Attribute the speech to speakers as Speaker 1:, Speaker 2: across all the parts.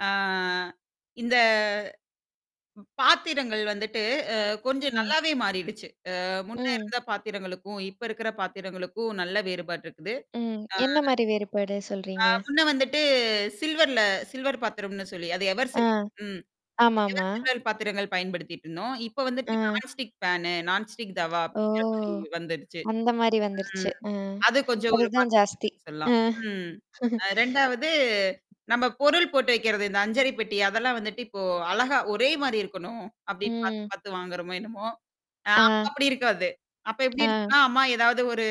Speaker 1: அ இந்த பாத்திரங்கள் வந்துட்டு அ கொஞ்சம்
Speaker 2: ம்.
Speaker 1: நல்லாவே மாறிடுச்சு. அ முன்ன
Speaker 2: ம்.
Speaker 1: இருந்த பாத்திரங்களுக்கும், இப்ப இருக்கிற பாத்திரங்களுக்கும். நல்ல வேறுபாடு இருக்குது.
Speaker 2: ம்.
Speaker 1: ஆ
Speaker 2: என்ன மாரி வேறுபாடு
Speaker 1: அ
Speaker 2: சொல்றீங்க?
Speaker 1: முன்ன வந்துட்டு சில்வர்ல சில்வர் பாத்திரம்ன்னு சொல்லி அதை எவர்
Speaker 2: ஆ.
Speaker 1: சில் ம் எவர்
Speaker 2: ஆமாமா,
Speaker 1: சில்வர் பாத்திரங்கள் பயன்படுத்திக்கிட்டு இருந்தோம். இப்ப வந்துட்டு
Speaker 2: அ,
Speaker 1: non stick fan non stick தவா
Speaker 2: ஓ
Speaker 1: அப்படிங்கிற மாரி வந்திருச்சு.
Speaker 2: அந்த மாரி வந்துருச்சு
Speaker 1: ம்
Speaker 2: அ,
Speaker 1: அது கொஞ்சம் ஒரு
Speaker 2: அதுதான்
Speaker 1: மாற்றம்
Speaker 2: ஜாஸ்தி.
Speaker 1: இருக்குன்னு சொல்லலாம்.
Speaker 2: அ,
Speaker 1: ம். அ 2வது நம்ப பொருள் போட்டு வைக்கிறது, இந்த அஞ்சரை பெட்டி அதெல்லாம் வந்துட்டு இப்போ அழகா ஒரே மாரி இருக்கணும் அப்படின்னு
Speaker 2: உம்.
Speaker 1: பாத்து-பாத்து வாங்குறோமோ என்னமோ? அ
Speaker 2: ஆ.
Speaker 1: அப்படி இருக்காது. அப்ப எப்டி
Speaker 2: ஆ.
Speaker 1: இருக்கும்ன்னா, அம்மா ஏதாவது ஒரு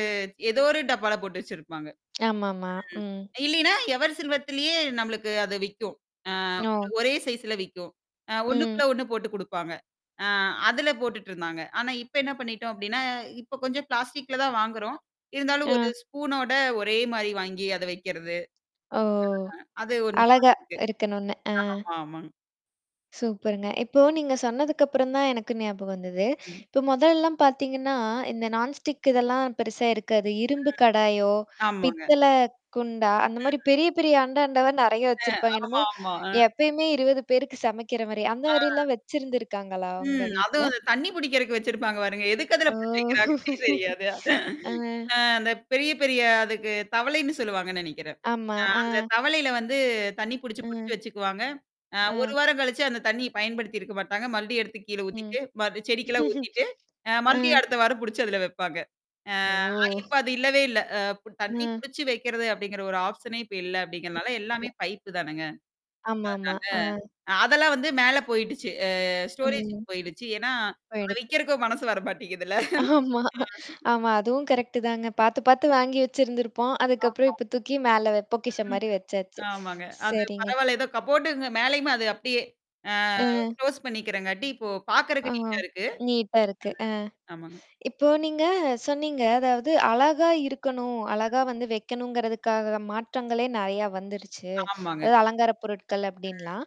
Speaker 1: ஏதோ ஒரு டப்பால போட்டு வச்சிருப்பாங்க.
Speaker 2: ஆமாமா. ம்.
Speaker 1: ம் இல்லைனா எவர் சில்வர்திலே நம்மளுக்கு அது விக்கும். அ ஒரு
Speaker 2: ஓ!
Speaker 1: ஒரே சைசுல விக்கும். அ
Speaker 2: ம்.
Speaker 1: ஒண்ணுக்குள்ள ஒண்ணு போட்டுக் குடுப்பாங்க. அ அதுல போட்டுட்டு இருந்தாங்க. ஆனா இப்ப என்னா பண்ணிட்டோம் அப்டின்னா, இப்ப கொஞ்சம் பிளாஸ்டிக்ல தான் வாங்குறோம். இருந்தாலும் ஒரு
Speaker 2: அ,
Speaker 1: ஸ்பூனோட ஒரே மாரி வாங்கி அதை வைக்கிறது.
Speaker 2: ஓ.
Speaker 1: அ அது 1
Speaker 2: அழகா
Speaker 1: மாத்தி இருக்கு.
Speaker 2: இருக்கனுன்னு! ஆ.
Speaker 1: ஆமா ஆமாங்க.
Speaker 2: சூப்பர்ங்க. இப்போ நீங்கச் சொன்னதுக்கு அப்புறம் தான் எனக்கு ஞாபகம் வந்தது,
Speaker 1: ம்.
Speaker 2: இப்ப முதல்லலாம் பாத்தீங்கன்னா, இந்த நான் ஸ்டிக் இதெல்லாம் பெருசா இருக்காது. இரும்பு கடாயோ,
Speaker 1: ம் ஆமாங்க.
Speaker 2: பித்தளை குண்டா, அந்த மாரி
Speaker 1: ம்.
Speaker 2: பெரிய, பெரிய அண்டா, அண்டவா நெறைய
Speaker 1: ம்
Speaker 2: வச்சிருப்பாங்க.
Speaker 1: ஆமா
Speaker 2: என்னமோ!
Speaker 1: ஆமா அ,
Speaker 2: எப்பயுமே 20 பேருக்குச் சமைக்கிற மாரி! அந்த
Speaker 1: ஆ.
Speaker 2: மாரிலாம் வச்சிருந்திருக்காங்களா? உங்க
Speaker 1: ம் அதும்
Speaker 2: வீட்ல!
Speaker 1: அந்த தண்ணீ புடிக்கறதுக்கு வச்சிருப்பாங்க பாருங்க! எதுக்கு அதுல
Speaker 2: ஓ.
Speaker 1: புடிச்சி வக்கிறாங்கன்னே தெரியாது.
Speaker 2: ஆ.
Speaker 1: அ அந்தப் பெரிய, பெரிய அதுக்கு தவளைன்னு சொல்லுவாங்கன்னு நெனைக்கிறேன்.
Speaker 2: ஆமா.
Speaker 1: அ
Speaker 2: ஆ,
Speaker 1: அந்தத் தவளைல வந்து, தண்ணீ புடிச்சு, புடிச்சு
Speaker 2: ம்.
Speaker 1: வச்சுக்குவாங்க. அ 1
Speaker 2: ஆ.
Speaker 1: வாரம் கழிச்சு அந்தத் தண்ணீய பயன்படுத்தி இருக்க மாட்டாங்க. மறுபடியும் எடுத்து கீழ
Speaker 2: ம்.
Speaker 1: ஊத்திட்டு, மறுபடி செடிக்கெல்லாம் ஊத்திட்டு அ
Speaker 2: அ.
Speaker 1: மறுபடியும் அடுத்த வாரம் புடிச்சு அதுல வப்பாங்க. அ இப்ப
Speaker 2: ஓ.
Speaker 1: அது இல்லவே இல்ல! அ ப்ப தண்ணீ
Speaker 2: ம்.
Speaker 1: புடிச்சு வைக்கிறது, அப்படிங்கிற ஒரு ஆப்ஷனே இப்ப இல்ல, அப்டிங்கிறனால எல்லாமே
Speaker 2: [unintelligible]
Speaker 1: பைப்பு தானேங்க.
Speaker 2: ஆமாமா. அ.
Speaker 1: அதனால அ அதெல்லாம் வந்து மேல போயிட்டுச்சு. அ ஸ்டோரேஜுக்கு
Speaker 2: ம்.
Speaker 1: போயிட்டுச்சு. ஏன்னா, அதை
Speaker 2: போய்டுச்சு.
Speaker 1: விக்கிறக்கும் மனசு வர மாட்டேங்குது இல்ல!
Speaker 2: ஆமா
Speaker 1: அ
Speaker 2: ஆமா. அதுவும் கடெக்டு தாங்க. பாத்து, பாத்து வாங்கி வச்சிருந்திருப்போம். அதுக்கப்புறம்
Speaker 1: ஆமா.
Speaker 2: இப்போ தூக்கி மேல வெப் பொக்கிஷம்
Speaker 1: ம்
Speaker 2: மாரி வச்சாச்சு.
Speaker 1: ஆமாங்க. அது
Speaker 2: சரிங்க.
Speaker 1: பரவால்ல. ஏதோ கப்போர்டு இருந்த மேலயுமே அது அப்டியே அ
Speaker 2: அ.
Speaker 1: க்ளோஸ் பண்ணிக்கிறங்காட்டி, இப்போ
Speaker 2: ஆ
Speaker 1: பாக்கிறக்கு நீட்டா இருக்கு.
Speaker 2: நீட்டா இருக்கு அ,
Speaker 1: ம் ஆமாங்க.
Speaker 2: இப்போ நீங்க சொன்னீங்க, அதாவது, அழகா இருக்கணும், அழகா
Speaker 1: ம்.
Speaker 2: வந்து வைக்கணுமங்கறதுக்காக மாற்றங்களே நெறைய வந்துருச்சு.
Speaker 1: ஆமாங்க.
Speaker 2: அதாவது அலங்கார பொருட்கள்,
Speaker 1: ம்.
Speaker 2: அப்படின்னுலாம்.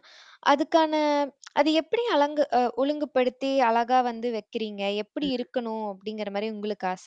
Speaker 2: அதுக்கான அத எப்படி அலங்கு அ ஒழுங்குப்படுத்தி, அழகா வந்து வைக்கிறீங்க? எப்படி
Speaker 1: ம்.
Speaker 2: இருக்கணும்? அப்படிங்கிற மாரி உங்களுக்கு ஆச!